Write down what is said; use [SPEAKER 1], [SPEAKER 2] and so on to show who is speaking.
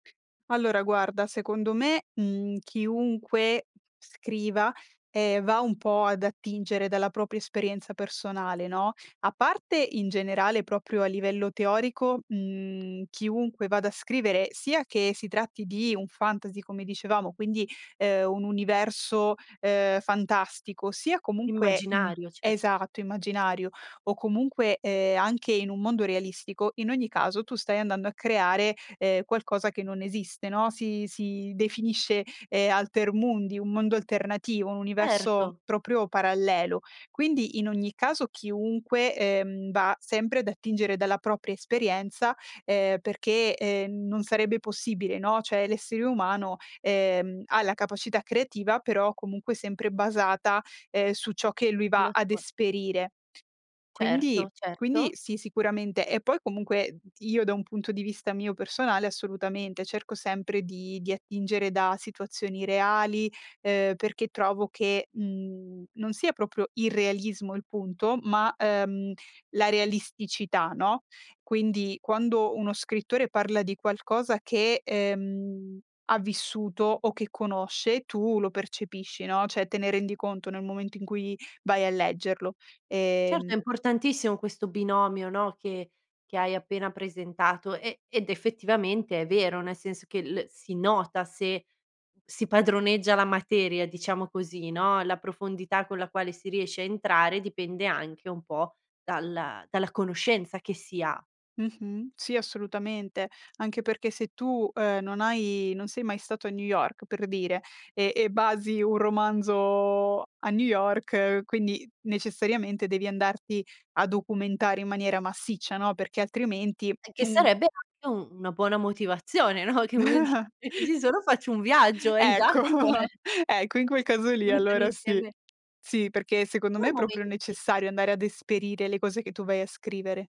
[SPEAKER 1] Allora guarda, secondo me, mhmm, chiunque scriva, ehm, va un po' ad attingere dalla propria esperienza personale, no. A parte in generale, proprio a livello teorico, mhmm, chiunque vada a scrivere, sia che si tratti di un fantasy, come dicevamo, quindi, ehm, un universo, ehm, fantastico, sia comunque un
[SPEAKER 2] Immaginario, cer
[SPEAKER 1] esatto, immaginario o comunque, ehm, anche in un mondo realistico, in ogni caso tu stai andando a creare, ehm, qualcosa che non esiste, no. Si si definisce, ehm, alter mundi, un mondo alternativo, un universo
[SPEAKER 2] Erto.
[SPEAKER 1] proprio parallelo. Quindi, in ogni caso chiunque, ehm, va sempre ad attingere dalla propria esperienza, ehm, perché, ehm, non sarebbe possibile, no; cioè, l'essere umano, ehm, ha la capacità creativa però comunque sempre basata, ehm, su ciò che lui va
[SPEAKER 2] La
[SPEAKER 1] ad
[SPEAKER 2] sua
[SPEAKER 1] esperire. Quindi
[SPEAKER 2] Certo,
[SPEAKER 1] quindi
[SPEAKER 2] certo.
[SPEAKER 1] sì, sicuramente. E poi comunque, uhm, io da un punto di vista mio personale, assolutamente, cerco sempre di di attingere da situazioni reali, ehm, perché trovo che, mhmm, non sia proprio irrealismo il punto, ma, ehm, la realisticità, no. Quindi, quando uno scrittore parla di qualcosa che, ehm, ha vissuto o che conosce tu lo percepisci, no, cioè te ne rendi conto nel momento in cui vai a leggerlo.
[SPEAKER 2] Certo,
[SPEAKER 1] Ehm
[SPEAKER 2] è importantissimo questo binomio, no, che che hai appena presentato, e ed effettivamente è vero, nel senso che l si nota se si padroneggia la materia, diciamo così, no, la profondità con la quale si riesce a entrare dipende anche un po' dalla dalla conoscenza che si ha.
[SPEAKER 1] Mh-mh. Sì, assolutamente, anche perché se tu, ehm, non hai non sei mai stato a New York per dire, e e basi un romanzo a New York, quindi necessariamente devi andarti a documentare in maniera massiccia, no, perché altrimenti
[SPEAKER 2] E che
[SPEAKER 1] un
[SPEAKER 2] sarebbe anche u una buona motivazione, no, che uno di "Già ci sono faccio un viaggio", esatto,
[SPEAKER 1] Ecco.
[SPEAKER 2] eh.
[SPEAKER 1] Ecco, in quel caso lì
[SPEAKER 2] [unintelligible]
[SPEAKER 1] allora sì.
[SPEAKER 2] insieme.
[SPEAKER 1] Sì, perché secondo me
[SPEAKER 2] [unintelligible]
[SPEAKER 1] è proprio
[SPEAKER 2] momenti.
[SPEAKER 1] necessario andare ad esperire le cose che tu vai a scrivere.